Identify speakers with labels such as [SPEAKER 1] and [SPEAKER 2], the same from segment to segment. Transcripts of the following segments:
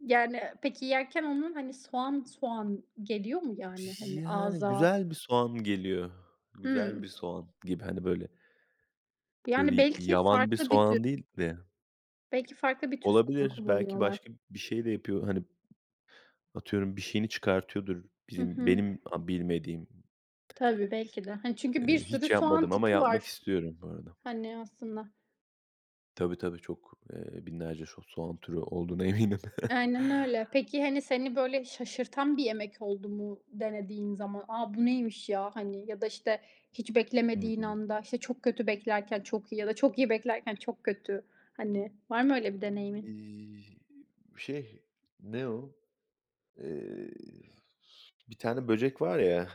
[SPEAKER 1] Yani, peki, yerken onun hani soğan, soğan geliyor mu yani hani
[SPEAKER 2] Yani,
[SPEAKER 1] ağıza?
[SPEAKER 2] güzel bir soğan geliyor. Güzel bir
[SPEAKER 1] Hımm.
[SPEAKER 2] soğan gibi. Hani, böyle. Böyle
[SPEAKER 1] Yani
[SPEAKER 2] y
[SPEAKER 1] belki
[SPEAKER 2] yaban bir
[SPEAKER 1] farklı bir tür.
[SPEAKER 2] soğan değil de.
[SPEAKER 1] Belki farklı bir tür soğan
[SPEAKER 2] Olabilir. Belki
[SPEAKER 1] kullanıyorlar.
[SPEAKER 2] başka bir şey de yapıyor hani. Atıyorum, bir şeyini çıkartıyordur
[SPEAKER 1] Hı
[SPEAKER 2] bizim
[SPEAKER 1] hı.
[SPEAKER 2] benim bilmediğim.
[SPEAKER 1] Tabii, belki de. Hani, çünkü bir
[SPEAKER 2] Eee,
[SPEAKER 1] sürü
[SPEAKER 2] hiç
[SPEAKER 1] soğan
[SPEAKER 2] yapmadım ama
[SPEAKER 1] tipi
[SPEAKER 2] yapmak
[SPEAKER 1] var,
[SPEAKER 2] istiyorum bu arada.
[SPEAKER 1] hani, aslında.
[SPEAKER 2] Tabii, tabii. Çok, eee, binlerce şo soğan türü olduğuna eminim.
[SPEAKER 1] Aynen öyle. Peki, hani, seni böyle şaşırtan bir yemek oldu mu denediğin zaman? "A bu neymiş ya?" Hani ya da işte hiç
[SPEAKER 2] Hı
[SPEAKER 1] beklemediğin
[SPEAKER 2] hı.
[SPEAKER 1] anda, işte çok kötü beklerken, çok iyi ya da çok iyi beklerken, çok kötü. Hani, var mı öyle bir deneyimin?
[SPEAKER 2] Eee, şey, ne o? Eee, bir tane böcek var ya,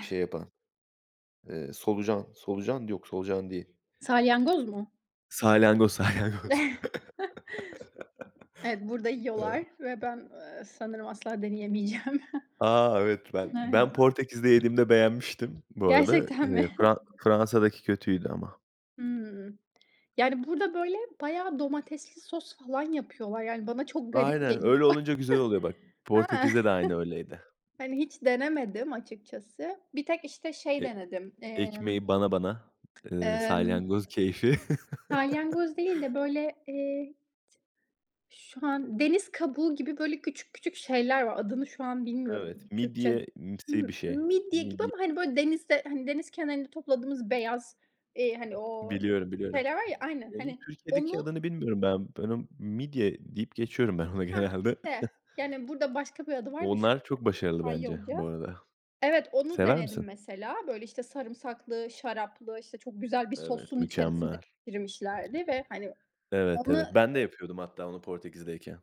[SPEAKER 2] şey yapan. Eee, solucan. Solucan? Yok, solucan değil.
[SPEAKER 1] Salyangoz mu?
[SPEAKER 2] Salyangoz, salyangoz.
[SPEAKER 1] Evet, burada
[SPEAKER 2] Eee.
[SPEAKER 1] yiyorlar ve ben, eee, sanırım asla deneyemeyeceğim.
[SPEAKER 2] A, evet, ben,
[SPEAKER 1] Evet.
[SPEAKER 2] ben Portekiz'de yediğimde beğenmiştim bu arada.
[SPEAKER 1] Gerçekten mi?
[SPEAKER 2] Eee, Fra Fransa'daki kötüydü ama.
[SPEAKER 1] Hımm. Yani, burada böyle bayağı domatesli sos falan yapıyorlar. Yani bana çok garip
[SPEAKER 2] Aynen,
[SPEAKER 1] geliyor.
[SPEAKER 2] öyle olunca güzel oluyor bak.
[SPEAKER 1] He.
[SPEAKER 2] Portekiz'de de aynı öyleydi.
[SPEAKER 1] Hani hiç denemedim açıkçası. Bir tek işte şey
[SPEAKER 2] E
[SPEAKER 1] denedim. Eee,
[SPEAKER 2] ekmeği bana bana, eee,
[SPEAKER 1] emm,
[SPEAKER 2] salyangoz keyfi.
[SPEAKER 1] salyangoz değil de böyle, eee, t Şu an, deniz kabuğu gibi böyle küçük küçük şeyler var. Adını şu an bilmiyorum
[SPEAKER 2] Evet,
[SPEAKER 1] Türkçe.
[SPEAKER 2] midyemsi
[SPEAKER 1] M
[SPEAKER 2] bir şey.
[SPEAKER 1] midye gibi
[SPEAKER 2] Midye.
[SPEAKER 1] ama, hani, böyle denizde, hani deniz kenarında topladığımız beyaz, eee, hani o
[SPEAKER 2] Biliyorum, biliyorum.
[SPEAKER 1] şeyler var ya Aynen.
[SPEAKER 2] Onun
[SPEAKER 1] Hani
[SPEAKER 2] Türkiye'deki
[SPEAKER 1] onu
[SPEAKER 2] adını bilmiyorum ben. Ben o, midye deyip geçiyorum ben ona
[SPEAKER 1] Hah
[SPEAKER 2] genelde.
[SPEAKER 1] işte. Yani burada başka bir adı var da şu an
[SPEAKER 2] Onlar çok
[SPEAKER 1] [unintelligible]
[SPEAKER 2] başarılı bence bu
[SPEAKER 1] İspanyolca.
[SPEAKER 2] arada.
[SPEAKER 1] Evet, onu
[SPEAKER 2] Sever
[SPEAKER 1] denedim
[SPEAKER 2] misin?
[SPEAKER 1] mesela. Böyle, işte, sarımsaklı, şaraplı, işte, çok güzel bir
[SPEAKER 2] Evet,
[SPEAKER 1] sosun içerisinde
[SPEAKER 2] mükemmel.
[SPEAKER 1] pişirmişlerdi ve, hani,
[SPEAKER 2] Evet.
[SPEAKER 1] onu
[SPEAKER 2] evet, ben de yapıyordum hatta onu Portekiz'deyken.